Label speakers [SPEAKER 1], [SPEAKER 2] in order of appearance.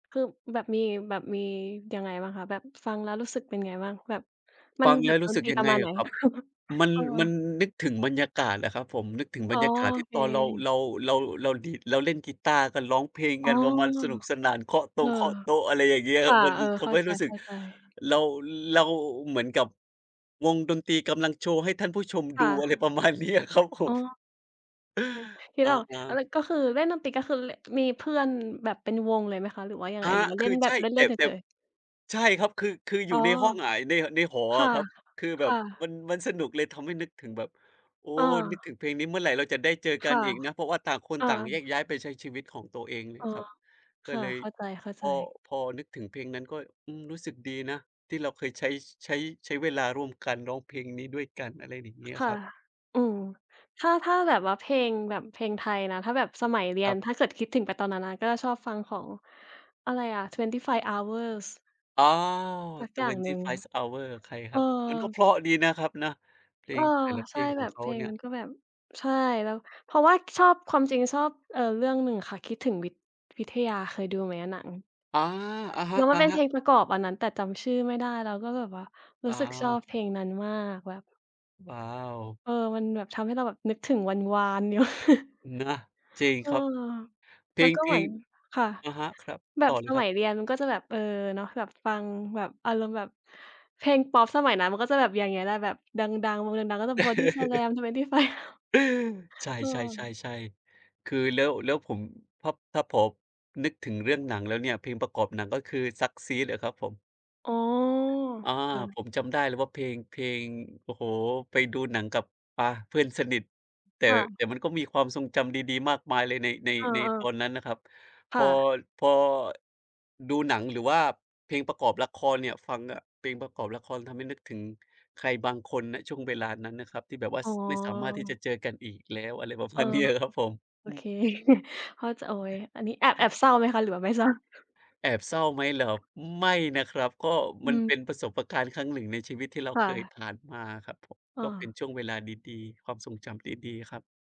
[SPEAKER 1] คือแบบมี แบบมียังไงบ้างคะ แบบฟังแล้วรู้สึกเป็นไงบ้าง? แบบ มั
[SPEAKER 2] ฟ
[SPEAKER 1] น
[SPEAKER 2] ัง
[SPEAKER 1] แ
[SPEAKER 2] แ
[SPEAKER 1] บ
[SPEAKER 2] ล้
[SPEAKER 1] บ
[SPEAKER 2] วร
[SPEAKER 1] ด
[SPEAKER 2] ู้
[SPEAKER 1] น
[SPEAKER 2] สึ
[SPEAKER 1] ต
[SPEAKER 2] ก
[SPEAKER 1] รี
[SPEAKER 2] ยั
[SPEAKER 1] ป
[SPEAKER 2] ง
[SPEAKER 1] ระ
[SPEAKER 2] ไง
[SPEAKER 1] มาณไ
[SPEAKER 2] อ
[SPEAKER 1] หน?
[SPEAKER 2] ะครับ? มัน
[SPEAKER 1] เออ
[SPEAKER 2] มันนึกถึงบรรยากาศอะครับผม นึกถึง
[SPEAKER 1] อ๋
[SPEAKER 2] บร
[SPEAKER 1] อ
[SPEAKER 2] รยากาศท
[SPEAKER 1] โอ
[SPEAKER 2] ี่
[SPEAKER 1] เ
[SPEAKER 2] ตอนเรา
[SPEAKER 1] ค
[SPEAKER 2] เรา เรา เราดีด เราเล่นกีต้าร์กัน ร้องเพลง
[SPEAKER 1] อ๋
[SPEAKER 2] ก
[SPEAKER 1] อ
[SPEAKER 2] ันมัน ๆ สนุกสนาน เคาะต
[SPEAKER 1] เอ
[SPEAKER 2] ง
[SPEAKER 1] อ
[SPEAKER 2] เคาะโต๊ะ อะไรอย่างเงี้ย
[SPEAKER 1] ค่ะ
[SPEAKER 2] มัน
[SPEAKER 1] เออ
[SPEAKER 2] ท
[SPEAKER 1] เข้
[SPEAKER 2] ำ
[SPEAKER 1] า
[SPEAKER 2] ให้
[SPEAKER 1] ใจ
[SPEAKER 2] รู้สึก
[SPEAKER 1] ๆ
[SPEAKER 2] เรา เราเหมือนกับวงดนตรีกำลังโชว์ให้ท่านผู้ชม
[SPEAKER 1] ค
[SPEAKER 2] ดู
[SPEAKER 1] ่
[SPEAKER 2] อะไ
[SPEAKER 1] ะ
[SPEAKER 2] รประมาณเนี้ยครับผ
[SPEAKER 1] อ๋อ
[SPEAKER 2] ม
[SPEAKER 1] อือ คิด
[SPEAKER 2] อะ
[SPEAKER 1] ออก อา แล
[SPEAKER 2] ๆ
[SPEAKER 1] ้วก็คือเล่นดนตรี ก็คือ ล มีเพื่อนแบบเป็นวงเลยไหมคะหรือว่ายัง
[SPEAKER 2] อ
[SPEAKER 1] ไง
[SPEAKER 2] า
[SPEAKER 1] หรือว่า
[SPEAKER 2] ค
[SPEAKER 1] เล่
[SPEAKER 2] ือ
[SPEAKER 1] นแบ
[SPEAKER 2] ใช
[SPEAKER 1] บ
[SPEAKER 2] ่
[SPEAKER 1] เล
[SPEAKER 2] แต
[SPEAKER 1] ่
[SPEAKER 2] ่
[SPEAKER 1] น ๆ เ
[SPEAKER 2] แต่
[SPEAKER 1] ฉย ๆ?
[SPEAKER 2] ใช่ครับ คือ คืออย
[SPEAKER 1] อ
[SPEAKER 2] ู
[SPEAKER 1] ๋
[SPEAKER 2] ่
[SPEAKER 1] อ
[SPEAKER 2] ในห้องอะ ใน ในหอ
[SPEAKER 1] ค
[SPEAKER 2] อ
[SPEAKER 1] ่ะ
[SPEAKER 2] ะครับ คือแ
[SPEAKER 1] ค
[SPEAKER 2] บ
[SPEAKER 1] ่
[SPEAKER 2] บม
[SPEAKER 1] ะ
[SPEAKER 2] ัน มันสนุกเลยทำให้นึกถึงแบบ โอ้
[SPEAKER 1] อ
[SPEAKER 2] นึกถ
[SPEAKER 1] า
[SPEAKER 2] ึงเพลงนี้ เมื่อไหร่เราจะได้เจอก
[SPEAKER 1] ค
[SPEAKER 2] ัน
[SPEAKER 1] ่ะ
[SPEAKER 2] อีกนะ? เพราะว่าต่างคน
[SPEAKER 1] อา
[SPEAKER 2] ต่างแยกย้ายไปใช้ชีวิตของตัวเองนี
[SPEAKER 1] อ
[SPEAKER 2] ่
[SPEAKER 1] ๋อ
[SPEAKER 2] ครับ
[SPEAKER 1] ค
[SPEAKER 2] ก็
[SPEAKER 1] ่ะ
[SPEAKER 2] เลย
[SPEAKER 1] เข้าใ
[SPEAKER 2] พ
[SPEAKER 1] จ
[SPEAKER 2] อ
[SPEAKER 1] ๆ
[SPEAKER 2] พอนึกถึงเพลงนั้นก็ อืม รู้สึกดีนะที่เราเคยใช้ ใช้ ใช้เวลาร่วมกัน ร้องเพลงนี้ด้วยกัน อะไรอย่างเ
[SPEAKER 1] ค
[SPEAKER 2] งี้ย
[SPEAKER 1] ค่
[SPEAKER 2] ค
[SPEAKER 1] ะ
[SPEAKER 2] รับ
[SPEAKER 1] อืม ถ้า ถ้าแบบว่าเพลง แบบเพลงไทยนะ ถ้าแบบสมัยเรีย
[SPEAKER 2] คร
[SPEAKER 1] น
[SPEAKER 2] ับ
[SPEAKER 1] ถ้าเกิดคิดถึงไปตอนนั้นนะ ก็ชอบฟังของอะไรอะ? 25 hours
[SPEAKER 2] อ๋อ
[SPEAKER 1] สักอย่างหนึ่ง
[SPEAKER 2] 25 Hours ใคร
[SPEAKER 1] เ
[SPEAKER 2] ค
[SPEAKER 1] อ
[SPEAKER 2] ร
[SPEAKER 1] อ
[SPEAKER 2] ับ? มันก็เพราะดีนะครับนะ เพล
[SPEAKER 1] เออ
[SPEAKER 2] งแต่ละเพ
[SPEAKER 1] ใช่
[SPEAKER 2] ลงข
[SPEAKER 1] แบ
[SPEAKER 2] อง
[SPEAKER 1] บ
[SPEAKER 2] เข
[SPEAKER 1] เพ
[SPEAKER 2] า
[SPEAKER 1] ล
[SPEAKER 2] เ
[SPEAKER 1] ง
[SPEAKER 2] นี่
[SPEAKER 1] ม
[SPEAKER 2] ย
[SPEAKER 1] ันก็แบบ ใช่ แล้ว เพราะว่าชอบ ความจริงชอบ เออ เรื่องหนึ่งค่ะ คิดถึงวิท วิทยา เคยดูไหมอะหนัง?
[SPEAKER 2] อา อะฮ
[SPEAKER 1] แล้วมันเป็นเพ
[SPEAKER 2] ะ ๆ
[SPEAKER 1] ลงประกอบอันนั้น แต่จำชื่อไม่ได้แล้ว ก็แบบว่า ร
[SPEAKER 2] อ
[SPEAKER 1] ู้
[SPEAKER 2] ้า
[SPEAKER 1] สึกชอ
[SPEAKER 2] ว
[SPEAKER 1] บเพลงนั้นมาก แบบ
[SPEAKER 2] ว้าว
[SPEAKER 1] เออ มันแบบทำให้เราแบบนึกถึงวันวาน อยู่
[SPEAKER 2] นะ จริง
[SPEAKER 1] เออ
[SPEAKER 2] ครับ เพ
[SPEAKER 1] แล
[SPEAKER 2] ล
[SPEAKER 1] ้ว
[SPEAKER 2] ง
[SPEAKER 1] ก็
[SPEAKER 2] เพ
[SPEAKER 1] เหม
[SPEAKER 2] ล
[SPEAKER 1] ือ
[SPEAKER 2] ง
[SPEAKER 1] น ค่ะ
[SPEAKER 2] อะฮะ ครับ
[SPEAKER 1] แบ
[SPEAKER 2] ต
[SPEAKER 1] บ
[SPEAKER 2] ่อเล
[SPEAKER 1] ส
[SPEAKER 2] ยค
[SPEAKER 1] ม
[SPEAKER 2] รั
[SPEAKER 1] ั
[SPEAKER 2] บ
[SPEAKER 1] ยเรียนมันก็จะแบบ เออ เนาะ แบบฟัง แบบอารมณ์แบบเพลงพอปสมัยนั้น มันก็จะแบบอย่างเงี้ยแหละ แบบดัง ๆ วงดัง ๆ ก็จะบอดี้สแลม 25 Hours
[SPEAKER 2] ใช
[SPEAKER 1] เออ
[SPEAKER 2] ่ ๆ ๆ ๆ คือแล้ว แล้วผม ถ้า ถ้าผมนึกถึงเรื่องหนังแล้วเนี่ย เพลงประกอบหนังก็คือ SuckSeed อะครับผม
[SPEAKER 1] อ๋อ
[SPEAKER 2] อา
[SPEAKER 1] ค่ะ
[SPEAKER 2] ผมจำได้เลยว่าเพลง เพลง โอ้โฮ ไปดูหนังกับ อะ เพื่อนสนิท แต่
[SPEAKER 1] ค่ะ
[SPEAKER 2] แต่มันก็มีความทรงจำดี ๆ มากมายเลยใน ใ
[SPEAKER 1] เ
[SPEAKER 2] น
[SPEAKER 1] อ
[SPEAKER 2] ในต
[SPEAKER 1] อ ๆ
[SPEAKER 2] อนนั้นน่ะครับ พ
[SPEAKER 1] ค่
[SPEAKER 2] อ
[SPEAKER 1] ะ
[SPEAKER 2] พอ ดูหนังหรือว่าเพลงประกอบละครเนี่ย ฟังน่ะเพลงประกอบละคร ทำให้นึกถึงใครบางคน ณ ช่วงเวลานั้นนะครับ ที่แบบว่า
[SPEAKER 1] อ๋
[SPEAKER 2] ส ไม่สามารถที่จ
[SPEAKER 1] อ
[SPEAKER 2] ะเจอกันอีกแล้ว อะไรประ
[SPEAKER 1] เอ
[SPEAKER 2] ม
[SPEAKER 1] อ
[SPEAKER 2] าณ เนี้ยอะครับผม
[SPEAKER 1] โอ
[SPEAKER 2] อื
[SPEAKER 1] เค
[SPEAKER 2] ม
[SPEAKER 1] พ่อจะ โอ๊ย อันนี้แอบ แอบเศร้าไหมคะหรือว่าไม่ เศร้า?
[SPEAKER 2] แอบเศร้าไหมเหรอ? ไม่นะครับ ก็
[SPEAKER 1] อ
[SPEAKER 2] มัน
[SPEAKER 1] ื
[SPEAKER 2] เ
[SPEAKER 1] ม
[SPEAKER 2] ป็นประสบการณ์ ครั้ง 1 ในชีวิตที่เรา
[SPEAKER 1] ค่
[SPEAKER 2] เคย
[SPEAKER 1] ะ
[SPEAKER 2] ผ่านมาครับผม
[SPEAKER 1] อ
[SPEAKER 2] ก็เป็น
[SPEAKER 1] า
[SPEAKER 2] ช่วงเวลาดี ๆ ความทรงจำดี ๆ ครับ